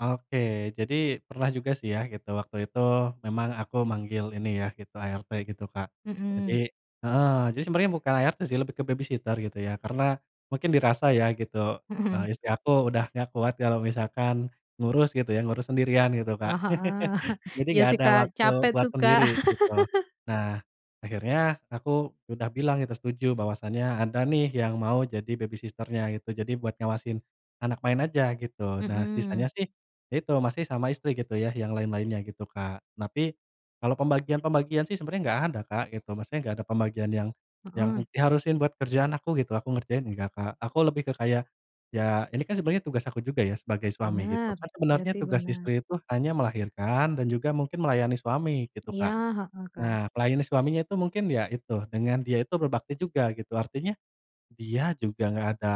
Oke, jadi pernah juga sih ya, gitu. Waktu itu memang aku manggil ini ya, gitu, ART gitu Kak. Jadi Mhm. heeh, jadi sebenarnya bukan ART sih, lebih ke babysitter gitu ya. Karena mungkin dirasa ya gitu, Mhm. eee, istri aku udah enggak kuat kalau misalkan ngurus gitu ya, ngurus sendirian gitu, Oh, Kak. heeh. Jadi Iya enggak sih ada Kak. waktu Capek buat tuh, Kak. sendiri gitu. Nah, akhirnya aku udah bilang itu setuju bahwasannya ada nih, yang mau jadi babysitter-nya gitu. Jadi buat ngawasin anak main aja gitu. Nah, sisanya Mhm. sih, itu masih sama istri gitu ya, yang lain-lainnya gitu, Kak. Tapi, kalau pembagian-pembagian sih sebenarnya enggak ada, Kak, gitu. Maksudnya, enggak ada pembagian yang yang Heeh. diharusin buat kerjaan aku gitu. Aku ngerjain enggak, Kak. Aku lebih ke kayak, ya ini kan sebenarnya tugas aku juga ya sebagai suami gitu. Benar. Kan Iya sebenarnya sih, tugas benar. istri itu hanya melahirkan dan juga mungkin melayani suami gitu, Iya, Kak. heeh, Kak. Nah, melayani suaminya itu, mungkin ya itu, dengan dia itu berbakti juga gitu. Artinya, dia juga enggak ada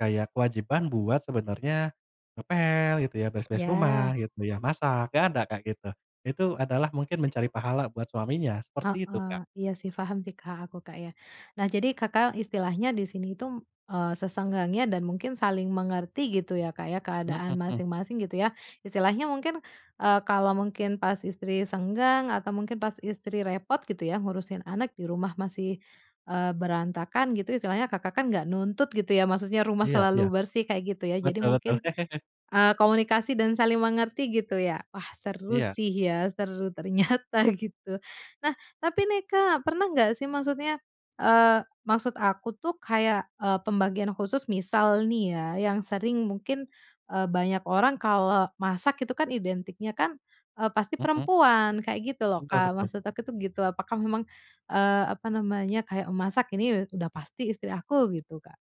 kayak kewajiban buat sebenarnya ngepel gitu ya, beres-beres rumah Iya. gitu ya, masak, enggak ada, Kak, gitu. Itu adalah mungkin mencari pahala buat suaminya, seperti itu, Kak. Heeh. Iya sih, paham sih, Kak. Aku, Kak, ya. Nah, jadi Kakak istilahnya di sini itu, m eee, sesenggangnya dan mungkin saling mengerti gitu ya, Kak, ya, Mhm keadaan mhm. masing-masing gitu ya. Istilahnya mungkin, eee, kalau mungkin pas istri senggang atau mungkin pas istri repot gitu ya, ngurusin anak di rumah masih, eee, berantakan gitu, istilahnya Kakak kan nggak nuntut gitu ya, maksudnya rumah Iya iya. selalu bersih, kayak gitu ya. Jadi Betul betul. mungkin, eee, komunikasi dan saling mengerti gitu ya. Wah, seru Iya. sih, ya seru ternyata gitu. Nah, tapi nih Kak, pernah enggak sih, maksudnya, eee, maksud aku tuh kayak, eee, pembagian khusus. Misal nih ya, yang sering mungkin, eee, banyak orang kalau masak itu kan identiknya, eee, pasti Mhm. perempuan, kayak gitu loh, Betul Kak. betul. Maksud aku tuh gitu. Apakah memang, eee, apa namanya, kayak memasak ini udah pasti istri aku gitu, Kak?